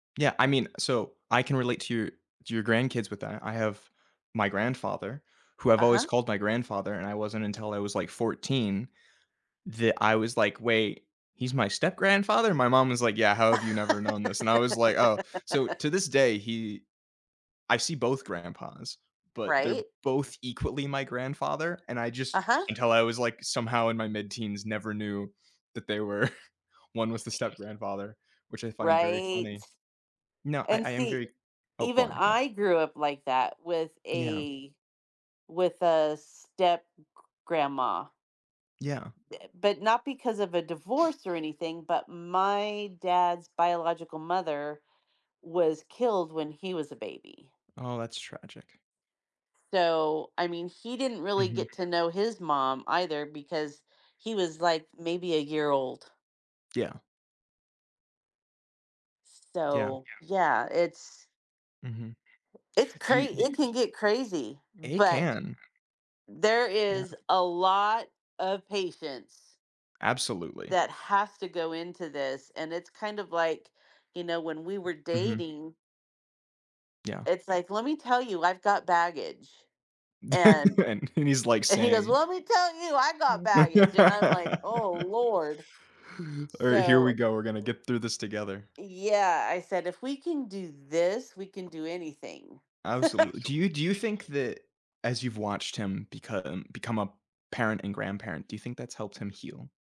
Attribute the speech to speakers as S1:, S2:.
S1: Yeah, I mean so I can relate to your to your grandkids with that. I have my grandfather, who I've
S2: Uh-huh.
S1: always called my grandfather, and I wasn't until I was, like, 14, that I was like, "Wait, he's my step-grandfather?" My mom was like, "Yeah, how have you never known this?" And I was like, "Oh," so to this day, he I see both grandpas, but they're
S2: Right?
S1: both equally my grandfather, and I just
S2: Uh-huh.
S1: until I was, like, somehow in my mid-teens, never knew that they were 1 was the step-grandfather, which I find very
S2: Right?
S1: funny. No, I
S2: And
S1: I am
S2: see,
S1: very oh, go
S2: even
S1: on, go on.
S2: I grew up like that with
S1: Yeah.
S2: a with a step-g grandma.
S1: Yeah.
S2: Uh but not because of a divorce or anything, but my dad's biological mother was killed when he was a baby.
S1: Oh, that's tragic.
S2: So, I mean he didn't really
S1: Mhm.
S2: get to know his mom either because he was, like, maybe a year old.
S1: Yeah. Yeah.
S2: So, yeah, it's
S1: Mhm.
S2: It's
S1: Do
S2: cra
S1: you do
S2: it can get crazy,
S1: A
S2: but
S1: can.
S2: there
S1: Yeah.
S2: is a lot of patience
S1: Absolutely.
S2: that has to go into this, and it's kind of, like, you know, when we were
S1: Mhm.
S2: dating
S1: Yeah.
S2: it's like, "Let me tell you, I've got baggage," and
S1: And he's like,
S2: and he goes,
S1: "Same."
S2: let me tell you, "I got baggage," and I'm like, "Oh Lord."
S1: All right, here we
S2: So
S1: go, we're gonna get through this together.
S2: Yeah, "I said if we can do this, we can do anything."
S1: Absolutely. Do you do you think that as you've watched him become become a parent and grandparent, do you think that's helped him heal?